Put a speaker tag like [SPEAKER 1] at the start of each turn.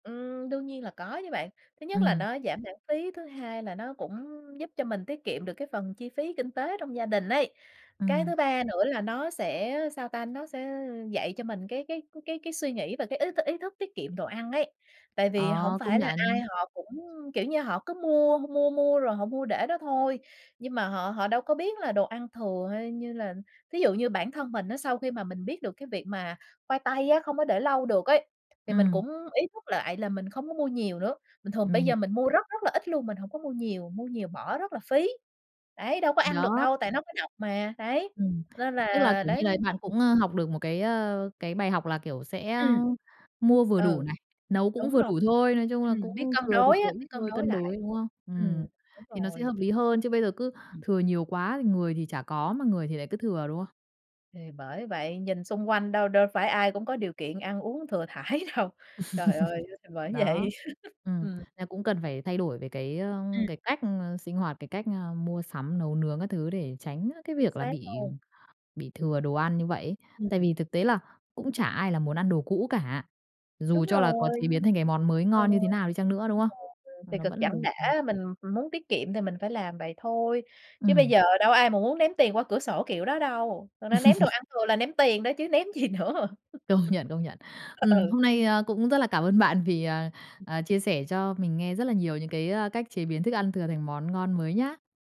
[SPEAKER 1] Ừm, đương nhiên là có chứ bạn. Thứ nhất là
[SPEAKER 2] Ừm.
[SPEAKER 1] nó giảm lãng phí, thứ hai là nó cũng giúp cho mình tiết kiệm được cái phần chi phí kinh tế trong gia đình ấy, cái
[SPEAKER 2] Ừm.
[SPEAKER 1] thứ ba nữa là nó sẽ, sao ta, nó sẽ dạy cho mình cái cái cái cái suy nghĩ và cái ý t ý thức tiết kiệm đồ ăn ấy. Tại vì hổng
[SPEAKER 2] Ờ, công
[SPEAKER 1] phải là ai
[SPEAKER 2] nhận.
[SPEAKER 1] họ cũng, kiểu như, họ cứ mua, h mua, mua rồi họ mua để đó thôi, nhưng mà họ họ đâu có biết là đồ ăn thừa hay như là thí dụ như bản thân mình á, sau khi mà mình biết được cái việc mà khoai tây á, không có để lâu được ấy, thì mình
[SPEAKER 2] Ừm.
[SPEAKER 1] cũng ý thức lại là mình không có mua nhiều nữa, bình thường bây
[SPEAKER 2] Mình hiểu.
[SPEAKER 1] giờ mình mua rất rất là ít luôn, mình hổng có mua nhiều, mua nhiều bỏ rất là phí. Đấy, đâu có
[SPEAKER 2] Th
[SPEAKER 1] ăn được
[SPEAKER 2] đó.
[SPEAKER 1] đâu, tại nó có độc mà, đấy,
[SPEAKER 2] Ừm.
[SPEAKER 1] nên
[SPEAKER 2] Tức là,
[SPEAKER 1] là
[SPEAKER 2] kiểu
[SPEAKER 1] đấy.
[SPEAKER 2] như là, bạn
[SPEAKER 1] Ừm.
[SPEAKER 2] cũng, ơ, học được một cái, ờ, cái bài học là, kiểu, sẽ, a,
[SPEAKER 1] Ừm.
[SPEAKER 2] mua vừa đủ
[SPEAKER 1] Ừ,
[SPEAKER 2] này, nấu cũng
[SPEAKER 1] đúng
[SPEAKER 2] vừa
[SPEAKER 1] rồi.
[SPEAKER 2] đủ thôi, nói chung là
[SPEAKER 1] Ừm, biết
[SPEAKER 2] cũng
[SPEAKER 1] cân
[SPEAKER 2] thừa thì
[SPEAKER 1] đối
[SPEAKER 2] thừa
[SPEAKER 1] á,
[SPEAKER 2] ít
[SPEAKER 1] biết cân
[SPEAKER 2] thôi,
[SPEAKER 1] đối
[SPEAKER 2] cân
[SPEAKER 1] lại.
[SPEAKER 2] đối, đúng không?
[SPEAKER 1] Ừm,
[SPEAKER 2] Ừm,
[SPEAKER 1] đúng
[SPEAKER 2] thì nó sẽ
[SPEAKER 1] rồi.
[SPEAKER 2] hợp lý hơn, chứ bây giờ cứ
[SPEAKER 1] Ừm.
[SPEAKER 2] thừa nhiều quá, thì người thì chả có, mà người thì lại cứ thừa, đúng không?
[SPEAKER 1] Thì bởi vậy, nhìn xung quanh đâu đâu phải ai cũng có điều kiện ăn uống thừa thãi đâu. Trời ơi, th bởi vậy.
[SPEAKER 2] Đó, ừm,
[SPEAKER 1] Ừm.
[SPEAKER 2] là cũng cần phải thay đổi về cái, ơ,
[SPEAKER 1] Ừm.
[SPEAKER 2] cái cách, ơ, sinh hoạt, cái cách, ơ, mua sắm, nấu nướng các thứ để tránh, a, cái
[SPEAKER 1] Chính
[SPEAKER 2] việc là
[SPEAKER 1] xác
[SPEAKER 2] bị
[SPEAKER 1] luôn.
[SPEAKER 2] bị thừa đồ ăn như vậy ấy. Tại
[SPEAKER 1] Ừm.
[SPEAKER 2] vì thực tế là cũng chả ai là muốn ăn đồ cũ cả,
[SPEAKER 1] Đúng
[SPEAKER 2] dù cho là có
[SPEAKER 1] rồi.
[SPEAKER 2] chế biến thành cái món mới
[SPEAKER 1] Ừ.
[SPEAKER 2] ngon như thế nào đi chăng nữa, đúng không?
[SPEAKER 1] [unintelligible]
[SPEAKER 2] Mà
[SPEAKER 1] Thì
[SPEAKER 2] nó
[SPEAKER 1] cực
[SPEAKER 2] vẫn là
[SPEAKER 1] chẳng
[SPEAKER 2] đồ
[SPEAKER 1] đã,
[SPEAKER 2] thừa.
[SPEAKER 1] mình muốn tiết kiệm thì mình phải làm vậy thôi, chứ bây
[SPEAKER 2] Ừm.
[SPEAKER 1] giờ đâu có ai mà muốn ném tiền qua cửa sổ kiểu đó đâu. Thật ra ném đồ ăn thường là ném tiền đó chứ ném gì nữa.
[SPEAKER 2] Công nhận, công nhận. Ừm,
[SPEAKER 1] Ừ.
[SPEAKER 2] hôm nay, ơ, cũng rất là cảm ơn bạn vì, ờ, ờ, chia sẻ cho mình nghe rất là nhiều những cái, ơ, cách chế biến thức ăn thừa thành món ngon mới nhá.